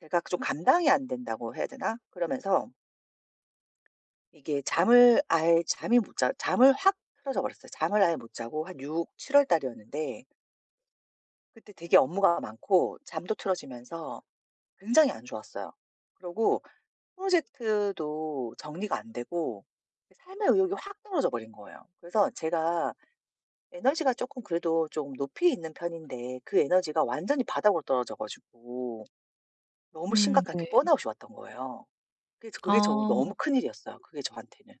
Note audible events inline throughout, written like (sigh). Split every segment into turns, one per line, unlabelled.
제가 좀 감당이 안된다고 해야 되나? 그러면서 이게 잠을 아예 잠이 못 자 잠을 확 틀어져 버렸어요. 잠을 아예 못 자고 한 6-7 월 달이었는데 그때 되게 업무가 많고 잠도 틀어지면서 굉장히 안 좋았어요. 그러고 프로젝트도 정리가 안되고 그 삶의 의욕이 확 떨어져 버린 거예요. 그래서 제가 에너지가 쪼끔 그래도 조금 높이 있는 편인데 그 에너지가 완전히 바닥으로 떨어져 가지고 너무
음
심각한
네.
게 번아웃이 왔던 거예요. 그래서 그게 정
아.
너무 큰 일이었어요 그게 저한테는.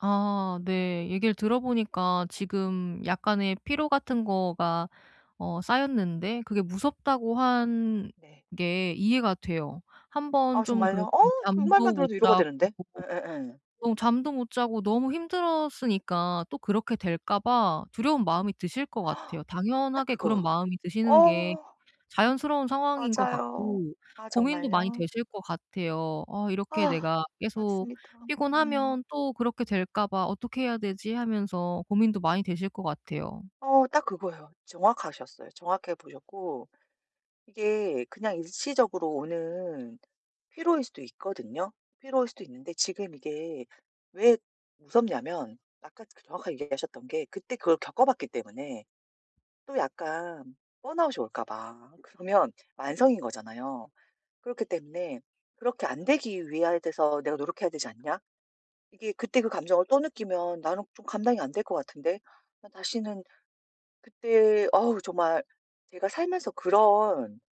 아. 네. 얘기를 들어 보니까 지금 약간의 피로 같은 거가 어 쌓였는데 그게 무섭다고 한
네.
게 이해가 돼요. 1 번
아
좀 그렇게
정말요? 어 그
잠도
말만
못
들어도 위로가
자고
되는데. 예예예.
좀 잠도 못 자고 너무 힘들었으니까 또 그렇게 될까 봐 두려운 마음이 드실 것 같아요.
(gasps) 딱
당연하게 그런
그거요.
마음이 드시는 게
어.
자연스러운 상황인 것
맞아요.
같고
아
고민도 많이
정말요?
되실 것 같아요. 어 이렇게
아후.
내가 계속
맞습니다. 음.
피곤하면 또 그렇게 될까 봐 '어떻게 해야 되지?' 하면서 고민도 많이 되실 것 같아요.
어 딱 그거예요. 정확하셨어요. 정확하게 보셨고 이게 그냥 일시적으로 오는 피로일 수도 있거든요. 피로일 수도 있는데 지금 이게 왜 무섭냐면 아까 그 정확하게 얘기하셨던 게 그때 그걸 겪어봤기 때문에 또 약간 번아웃이 올까 봐. 그러면 만성인 거잖아요. 그렇기 때문에 '그렇게 안 되기 위하 돼서 내가 노력해야 되지 않냐? 이게 그때 그 감정을 또 느끼면 나는 좀 감당이 안 될 것 같은데. 난 다시는' 그때 어우 정말 제가 살면서 그런